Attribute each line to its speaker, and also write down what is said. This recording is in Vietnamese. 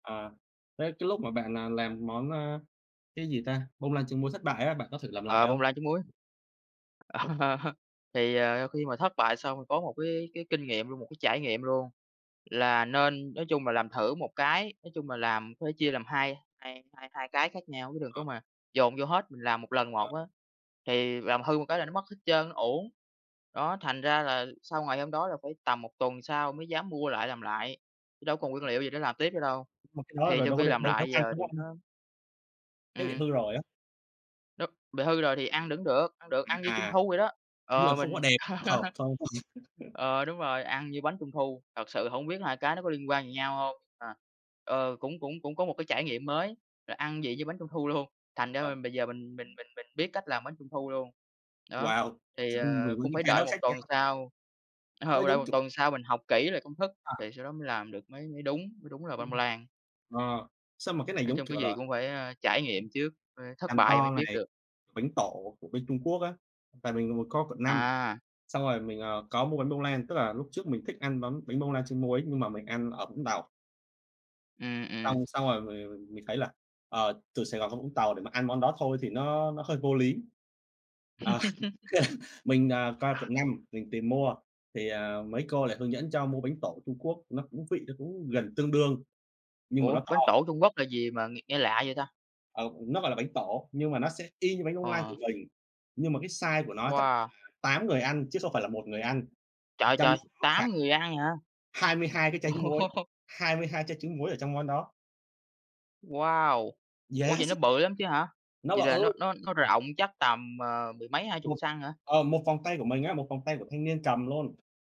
Speaker 1: Ờ, thế cái lúc mà bạn, à, làm món, à, cái gì ta, bông lan trứng muối thất bại á, bạn có thử làm lại
Speaker 2: Ờ, bông
Speaker 1: hông?
Speaker 2: lan trứng muối. Thì, ờ, khi mà thất bại xong rồi có một cái cái kinh nghiệm luôn, một cái trải nghiệm luôn, là nên nói chung là làm thử một cái, nói chung là làm có thể chia làm hai hai hai cái khác nhau, chứ đừng
Speaker 1: Ờ.
Speaker 2: có mà dồn vô hết, mình làm 1 lần
Speaker 1: Ờ.
Speaker 2: một á thì làm hư một cái là nó mất hết trơn, nó uổng. Đó, thành ra là sau ngày hôm đó là phải tầm 1 tuần sau mới dám mua lại làm lại, chứ đâu có còn nguyên liệu gì để làm tiếp nữa đâu.
Speaker 1: Mà cái đó
Speaker 2: Thì
Speaker 1: rồi
Speaker 2: sau
Speaker 1: đâu có
Speaker 2: khi
Speaker 1: định
Speaker 2: làm
Speaker 1: đâu dám
Speaker 2: lại
Speaker 1: ăn,
Speaker 2: giờ
Speaker 1: đúng
Speaker 2: thì
Speaker 1: hông?
Speaker 2: nó
Speaker 1: Cái bị
Speaker 2: Ừm.
Speaker 1: hư rồi á.
Speaker 2: Đúng, bị hư rồi thì ăn vẫn được, ăn được, ăn như
Speaker 1: À,
Speaker 2: trung
Speaker 1: à.
Speaker 2: thu vậy đó.
Speaker 1: Đúng
Speaker 2: Ờ,
Speaker 1: rồi, không
Speaker 2: mình
Speaker 1: có đẹp, không có hợp thôi.
Speaker 2: Ờ, đúng rồi, ăn như bánh trung thu, thật sự hổng biết 2 cái nó có liên quan gì nhau hông. Ờ. Ờ, cũng cũng cũng có một cái trải nghiệm mới là ăn vị như bánh trung thu luôn, thành ra
Speaker 1: Ờ.
Speaker 2: là bây giờ mình mình mình mình biết cách làm bánh trung thu luôn. Đó,
Speaker 1: Wow!
Speaker 2: thì, ờ, cũng phải
Speaker 1: [unintelligible] Hai
Speaker 2: đợi
Speaker 1: đó
Speaker 2: 1
Speaker 1: khác
Speaker 2: tuần
Speaker 1: nhau.
Speaker 2: sau, ờ,
Speaker 1: Cái đó
Speaker 2: phải đợi
Speaker 1: giống,
Speaker 2: 1
Speaker 1: kiểu
Speaker 2: tuần sau mình học kỹ lại công thức
Speaker 1: À.
Speaker 2: thì sau đó mới làm được, mới mới đúng, mới đúng là bông
Speaker 1: Ừm.
Speaker 2: lan.
Speaker 1: Ờ, sao mà cái này
Speaker 2: Nói
Speaker 1: giống
Speaker 2: chung
Speaker 1: kiểu
Speaker 2: cái gì
Speaker 1: là
Speaker 2: cũng phải, ơ, trải nghiệm trước, ơ, thất
Speaker 1: càng
Speaker 2: bại mới
Speaker 1: to
Speaker 2: biết
Speaker 1: này,
Speaker 2: được.
Speaker 1: bánh tổ của bên Trung Quốc á, tại vì mình có ở quận 5,
Speaker 2: À.
Speaker 1: xong rồi mình, ờ, có mua bánh bông lan, tức là lúc trước mình thích ăn bánh bánh bông lan trứng muối nhưng mà mình ăn ở Vũng Tàu.
Speaker 2: Ừm, ừm.
Speaker 1: Xong xong rồi mình, ờ, mình thấy là, ờ, từ Sài Gòn ra Vũng Tàu để mà ăn món đó thôi thì nó nó hơi vô lý. Ờ, mình, ờ, qua quận 5 mình tìm mua, thì, ờ, mấy cô lại hướng dẫn cho mua bánh tổ Trung Quốc, nó cũng vị nó cũng gần tương đương, nhưng mà nó
Speaker 2: Ủa, bánh
Speaker 1: to.
Speaker 2: tổ Trung Quốc là gì mà nghe nghe lạ vậy ta?
Speaker 1: Ờ, nó gọi là bánh tổ, nhưng mà nó sẽ y như bánh bông lan
Speaker 2: Ờ.
Speaker 1: của mình, nhưng mà cái size của nó chắc phải
Speaker 2: Wow!
Speaker 1: là 8 người ăn chứ không phải là 1 người ăn,
Speaker 2: Trời
Speaker 1: trong
Speaker 2: trời,
Speaker 1: đó có
Speaker 2: 8
Speaker 1: khoảng
Speaker 2: người ăn hả?
Speaker 1: 22 cái tránh muối,
Speaker 2: Ô.
Speaker 1: 22 trái trứng muối ở trong món đó.
Speaker 2: Wow! Ủa vậy
Speaker 1: Yes.
Speaker 2: nó bự lắm chứ hả?
Speaker 1: Nó
Speaker 2: Vậy là nó
Speaker 1: bự.
Speaker 2: nó nó rộng chắc tầm, ờ, mười mấy hai chục
Speaker 1: Một,
Speaker 2: xăng hả?
Speaker 1: ờ, 1 vòng tay của mình á, 1 vòng tay của thanh niên cầm luôn.